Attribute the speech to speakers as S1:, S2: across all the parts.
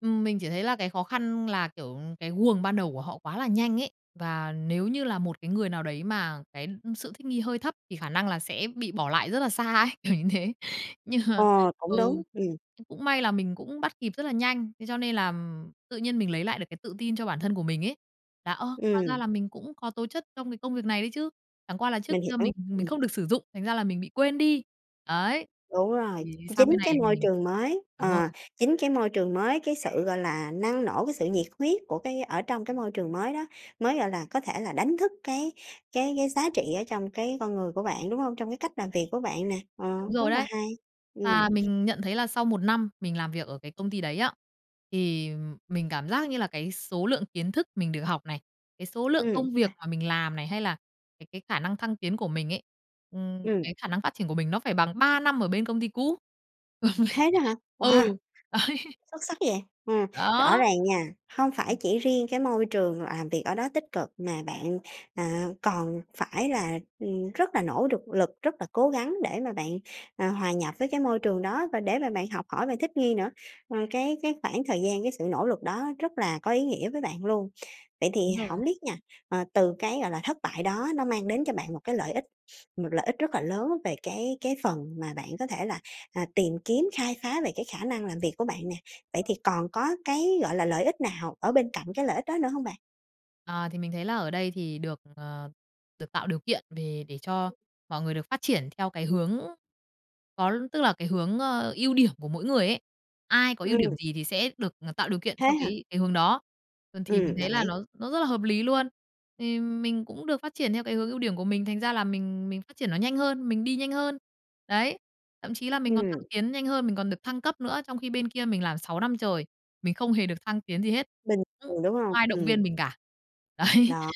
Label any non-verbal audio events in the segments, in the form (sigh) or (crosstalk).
S1: Ừm, mình chỉ thấy là cái khó khăn là, kiểu, cái guồng ban đầu của họ quá là nhanh ấy. Và nếu như là một cái người nào đấy mà cái, ưm, ưm, sự thích nghi hơi thấp thì khả năng là sẽ bị bỏ lại rất là xa ấy, kiểu như thế. Nhưng mà
S2: Ờ,
S1: ừ,
S2: cũng đúng, ừm.
S1: ừ, cũng may là mình cũng bắt kịp rất là nhanh. Thế cho nên là, ừm, tự nhiên mình lấy lại được cái tự tin cho bản thân của mình ấy, là, "Ơ, hóa ra
S2: Ừm.
S1: là mình cũng có tố chất trong cái công việc này đấy chứ, chẳng qua là trước
S2: Mình
S1: kia
S2: hiểu,
S1: mình mình
S2: ừm.
S1: không được sử dụng, thành ra là mình bị quên đi." Ấy,
S2: Đúng rồi,
S1: thì, sang
S2: chính
S1: bên này
S2: cái
S1: thì
S2: môi
S1: mình
S2: trường mới,
S1: đúng rồi.
S2: ờ, chính cái môi trường mới, cái sự, gọi là, năng nổ, cái sự nhiệt huyết của cái ở trong cái môi trường mới đó, mới, gọi là, có thể là đánh thức cái cái cái giá trị ở trong cái con người của bạn, đúng hông, trong cái cách làm việc của bạn nè? Ờ,
S1: Đúng
S2: rất
S1: rồi
S2: là
S1: đấy.
S2: hay. Ừm.
S1: à mình nhận thấy là sau 1 năm mình làm việc ở cái công ty đấy á, thì, ừm, mình cảm giác như là cái số lượng kiến thức mình được học này, cái số lượng
S2: Ừm,
S1: công việc
S2: à.
S1: mà mình làm này, hay là cái cái khả năng thăng tiến của mình ấy, ừm,
S2: Ừm.
S1: cái khả năng phát triển của mình nó phải bằng 3 năm ở bên công ty cũ. (laughs)
S2: Thế đó hả?
S1: Ừ,
S2: Wow!
S1: ấy.
S2: Xuất sắc vậy, ừm, rõ
S1: Đó.
S2: ràng nha, hông phải
S1: Ừm.
S2: chỉ riêng cái môi trường làm việc ở đó tích cực mà bạn, à, còn phải là, ừm, rất là nỗ đực lực, rất là cố gắng để mà bạn, ờ, hòa nhập với cái môi trường đó và để mà bạn học hỏi và thích nghi nữa. Ờ, cái cái khoảng thời gian, cái sự nỗ lực đó rất là có ý nghĩa với bạn luôn. Vậy thì
S1: Đúng rồi.
S2: hổng biết nha, ờ, từ cái, gọi là, thất bại đó nó mang đến cho bạn một cái lợi ích, một lợi ích rất là lớn về cái cái phần mà bạn có thể là, à, tìm kiếm, khai phá về cái khả năng làm việc của bạn nè. Vậy thì còn có cái, gọi là, lợi ích nào ở bên cạnh cái lợi ích đó nữa hông bạn?
S1: Ờ, thì mình thấy là ở đây thì được, ừm, ờ, được tạo điều kiện về để cho mọi người được phát triển theo cái hướng có l tức là cái hướng, ơ, ưu điểm của mỗi người ấy. Ai có ưu điểm
S2: Ừm.
S1: gì thì sẽ được, ờ, tạo điều kiện
S2: Thế
S1: theo
S2: hả?
S1: cái cái hướng đó. Ừm, thì mình
S2: Ừm,
S1: thấy
S2: đồng
S1: là
S2: ý.
S1: nó nó rất là hợp lý luôn. Thì mình cũng được phát triển theo cái hướng ưu điểm của mình, thành ra là mình mình phát triển nó nhanh hơn, mình đi nhanh hơn. Đấy, thậm chí là mình còn thăng
S2: Ừm.
S1: tiến nhanh hơn, mình còn được thăng cấp nữa trong khi bên kia mình làm 6 năm trời, mình không hề được thăng tiến gì hết,
S2: Bình
S1: ưm,
S2: thường, đúng
S1: không
S2: hông?
S1: ai động
S2: Ừm.
S1: viên mình cả. Đấy,
S2: Đó,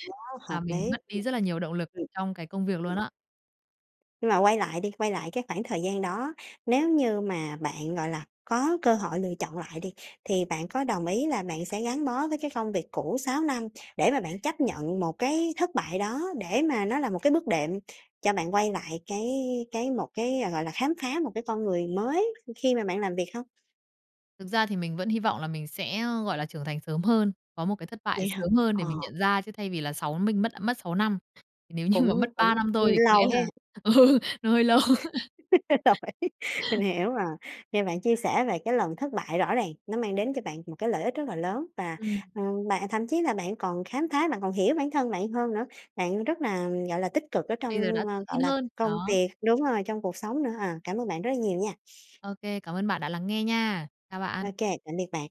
S2: hợp
S1: làm mình
S2: lý.
S1: mất đi
S2: (unintelligible)
S1: rất là nhiều động lực
S2: Ừm.
S1: trong cái công việc
S2: Ừm.
S1: luôn á.
S2: Nhưng mà quay lại đi, quay lại cái khoảng thời gian đó, nếu như mà bạn, gọi là, có cơ hội lựa chọn lại đi thì bạn có đồng ý là bạn sẽ gắn bó với cái phông việc cũ 6 năm để mà bạn chấp nhận một cái thất bại đó để mà nó là một cái bước đệm cho bạn quay lại cái cái một cái, ờ, gọi là, khám phá một cái con người mới khi mà bạn làm việc hông?
S1: Thực ra thì mình vẫn hy vọng là mình sẽ, ơ, gọi là, trưởng thành sớm hơn, có một cái thất bại
S2: Vậy hả?
S1: sớm hơn để
S2: Ờ.
S1: mình nhận ra, chứ thay vì là 6 minh mất, a, mất 6 năm. Nếu như mà mất
S2: Cũng cũng,
S1: 3 năm thôi
S2: ưm,
S1: thì có lẽ
S2: lâu ha.
S1: là ừ, nó hơi lâu.
S2: (laughs) Rồi, mình hiểu rồi, nghe bạn chia sẻ về cái lần thất bại rõ ràng nó mang đến cho bạn một cái lợi ích rất là lớn và,
S1: Ừm.
S2: ờ, bạn thậm chí là bạn còn khám phá, bạn còn hiểu bản thân bạn hơn nữa, bạn rất là, gọi là, tích cực ở
S1: Bây giờ đã
S2: trong, ơ,
S1: tự
S2: gọi
S1: tin
S2: là,
S1: hơn,
S2: công
S1: đó.
S2: việc, đúng rồi, trong cuộc sống nữa. À, cảm ơn bạn rất là nhiều nha.
S1: Ô kê, cảm ơn bạn đã lắng nghe nha. Chào
S2: Ô
S1: bạn.
S2: kê, tạm biệt bạn.